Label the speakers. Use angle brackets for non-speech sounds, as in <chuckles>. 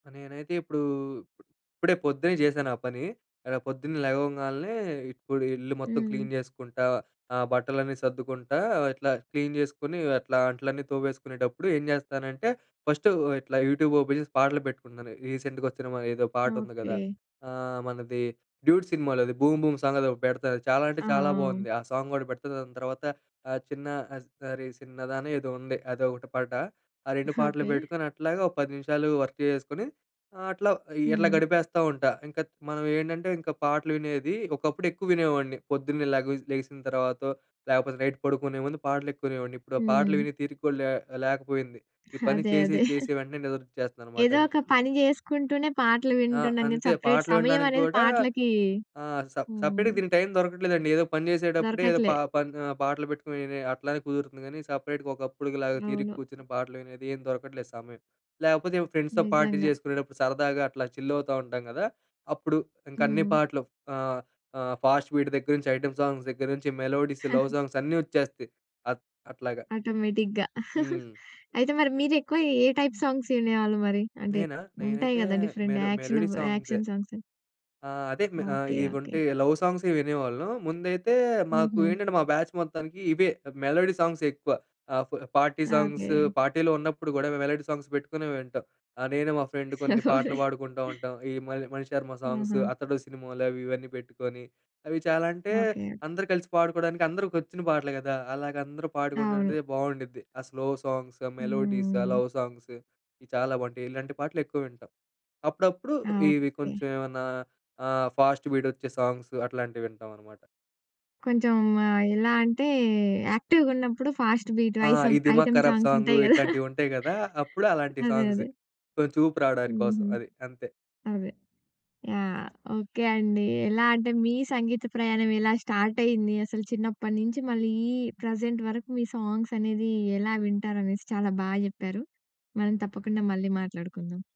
Speaker 1: నేనైతే ఇప్పుడూ ఇప్పుడే పొద్దున్నే జేశాను ఆ పని. ఎడ పొద్దున్నే లెగవంగాల్నే, ఇప్పుడు ఇల్లు మొత్తం క్లీన్
Speaker 2: హ్మ్.
Speaker 1: జేసుకుంటా, ఆహ్, బట్టలన్నీ సర్దుకుంటా, ఇట్లా క్లీన్ జేసుకునీ, అట్లా అంట్లన్నీ తోవేసుకునేటప్పుడు ఏం జేస్తానంటే, ఫస్ట్ ఇట్లా యూట్యూబ్ ఓపెన్ జేసి పాటలు పెట్టుకున్నాను. రీసెంట్‌గా వచ్చిన మ ఏదో పాట ఉంది గదా!
Speaker 2: ఓకే.
Speaker 1: ఆహ్, మనది 'డ్యూడ్' సినిమాలోది 'బూమ్, బూమ్' సాంగ్ అది ఒగటి పెడతాను చాలా అంటే
Speaker 2: ఆ!
Speaker 1: చాలా
Speaker 2: ఆ!
Speaker 1: బోంది. ఆ సాంగ్ గూడా పెడతా. దాని తర్వాత ఆహ్, 'చిన్న అరె చిన్నదా' అని ఏదో ఉంది అదొకటి పాట. ఆ 2
Speaker 2: <chuckles>
Speaker 1: పాటలు
Speaker 2: ఓకే.
Speaker 1: పెట్టుకొని అట్లాగా ఒక 10 నిమిషాలు వర్క్ చేసేసుకొని ఆహ్, అట్లా ఇట్లా
Speaker 2: హ్మ్.
Speaker 1: గడిపేస్తా ఉంటా. ఇంకా మనం ఏంటంటే, ఇంకా పాటలు వినేది ఒకప్పుడు ఎక్కువ వినేవాడిని. పొద్దున్నే లేగవ లెగిసిన తర్వాతో లాకపోతే, నైట్ పడుకునే ముందు పాటలు ఎక్కువ వినేవాడిని. ఇప్పుడు ఆ పాటలు
Speaker 2: హ్మ్.
Speaker 1: వినే తీరిక లే లేకపోయింది. ఈ పని
Speaker 2: అదే.
Speaker 1: చేసి,
Speaker 2: అదే. <laughs>
Speaker 1: చేసి వెంటనే నిదరొచ్చేస్తదనమాట.
Speaker 2: ఏదో
Speaker 1: ఇం
Speaker 2: ఒక పని జేసుకుంటూనే పాటలు
Speaker 1: ఆ!
Speaker 2: వింటున్నాం గానీ,
Speaker 1: అంతే.
Speaker 2: సపరేట్
Speaker 1: పాటలు
Speaker 2: సమయం
Speaker 1: వినడానికి
Speaker 2: అనేది
Speaker 1: గూడా
Speaker 2: పాటలకి
Speaker 1: ఆహ్, స
Speaker 2: హ్మ్.
Speaker 1: సపరేట్‌గా దీనికి టైం దొరకట్లేదండి. ఏదో పని జేసేటప్పుడే ఏదో
Speaker 2: దొరకట్లే.
Speaker 1: పా పన్ ఆహ్, పాటలు పెట్టుకొని వినే అట్లానే కుదురుతుంది గానీ, సపరేట్‌గా ఒకప్పుడుకి లాగా తీరిక
Speaker 2: అవును.
Speaker 1: కూర్చుని పాటలు వినేది ఏం దొరకట్లేదు సమయం. లాకపోతే, ఎవో ఫ్రెండ్స్‌తో పార్టీ
Speaker 2: నిజంగా.
Speaker 1: చేసుకునేటప్పుడు, సరదాగా అట్లా చిల్ అవుతా ఉంటాం గదా. అప్పుడు ఇంకా అన్ని
Speaker 2: హ్మ్.
Speaker 1: పాటలు. ఆహ్, ఆహ్, ఫాస్ట్ బీట్ దగ్గర నుంచి, ఐటెమ్ సాంగ్స్ దగ్గర నుంచి, మెలోడీస్, లవ్
Speaker 2: <chuckles>
Speaker 1: సాంగ్స్ అన్నీ వచ్చేస్తాయి. అట్ అట్లాగా.
Speaker 2: ఆటోమేటిక్‌గా.
Speaker 1: హ్మ్.
Speaker 2: <laughs> అయితే, మరి మీరు ఎక్కువ ఏ టైప్ సాంగ్స్ వినేవాళ్ళు మరి. అంటే
Speaker 1: నేనా?
Speaker 2: ఉంటాయి
Speaker 1: నేనైతే
Speaker 2: గదా! డిఫరెంట్
Speaker 1: మెలో
Speaker 2: యాక్షన్
Speaker 1: మెలోడీ
Speaker 2: ఆఫ్
Speaker 1: సాంగ్సే.
Speaker 2: Action songs.
Speaker 1: ఆ! అదే మె ఆహ్,
Speaker 2: ఓకే. ఓకే.
Speaker 1: ఇవుంటే లవ్ సాంగ్స్ వినేవాళ్ళం. ముందైతే మాకు
Speaker 2: హుహు.
Speaker 1: ఏంటంటే, మా బ్యాచ్ మొత్తానికి ఇవే. మెలోడీ సాంగ్స్ ఎక్కువ ఆహ్, ఫ్ పార్టీ సాంగ్సు
Speaker 2: ఓకే.
Speaker 1: పార్టీలో ఉన్నప్పుడు గూడా మేము మెలోడీ సాంగ్స్ పెట్టుకునే వింటాం. ఆహ్, నేను మా ఫ్రెండ్ కొన్ని పాటలు పాడుకుంటూ
Speaker 2: <laughs>
Speaker 1: ఉంటాం. ఈ మణి మణిశర్మ సాంగ్సు.
Speaker 2: హుహు.
Speaker 1: 'అతడు' సినిమాలోవి ఇవన్నీ పెట్టుకోని, అవి చాలా అంటే
Speaker 2: ఓకే.
Speaker 1: అందరూ కలిసి పాడుకోడానికి, అందరికి వచ్చిన పాటలు గదా! అలాగ అందరూ
Speaker 2: అవును.
Speaker 1: పాడుకుంటే బావుండుద్ది. ఆ స్లో సాంగ్స్, మెలోడీస్ ఆ
Speaker 2: హ్మ్.
Speaker 1: లవ్ సాంగ్స్ ఇవి చాలా బావుంటాయి. ఇలాంటి పాటలు ఎక్కువ వింటాం. అప్పుడప్పుడు ఇవి
Speaker 2: ఓకే.
Speaker 1: కొంచెం ఏమన్నా ఆహ్, ఫాస్ట్ బీట్ వచ్చే సాంగ్స్ అట్లాంటివింటాం అనమాట.
Speaker 2: కొంచెం ఆహ్, ఎలా అంటే యాక్టివ్‌గున్నప్పుడు ఫాస్ట్ బీట్
Speaker 1: ఆ!
Speaker 2: ఐసం
Speaker 1: ఈ
Speaker 2: ఐసమ్
Speaker 1: 'దిమాక్
Speaker 2: ఐటెమ్
Speaker 1: కరాబ్'
Speaker 2: సాంగ్స్
Speaker 1: సాంగు
Speaker 2: ఉంటాయి గదా. <chuckles>
Speaker 1: ఇట్లాంటివి ఉంటాయి గదా. అప్పుడు అలాంటి
Speaker 2: అదే.
Speaker 1: సాంగ్స్
Speaker 2: అదే.
Speaker 1: కొంచెం ఊపు రావడాని కోసం
Speaker 2: హుహు.
Speaker 1: అది అంతే.
Speaker 2: అదే. యాహ్! ఓకే అండి. ఎలా అంటే, మీ సంగీత ప్రయాణం ఎలా స్టార్ట్ అయింది, అసలు చిన్నప్పడి నుంచి మళ్ళీ ఈ ప్రెజెంట్ వరకు, మీ సాంగ్స్ అనేది ఎలా వింటారనేసి చాలా బా జెప్పారు. మనం తప్పకుండా మళ్ళీ మాట్లాడుకుందాం.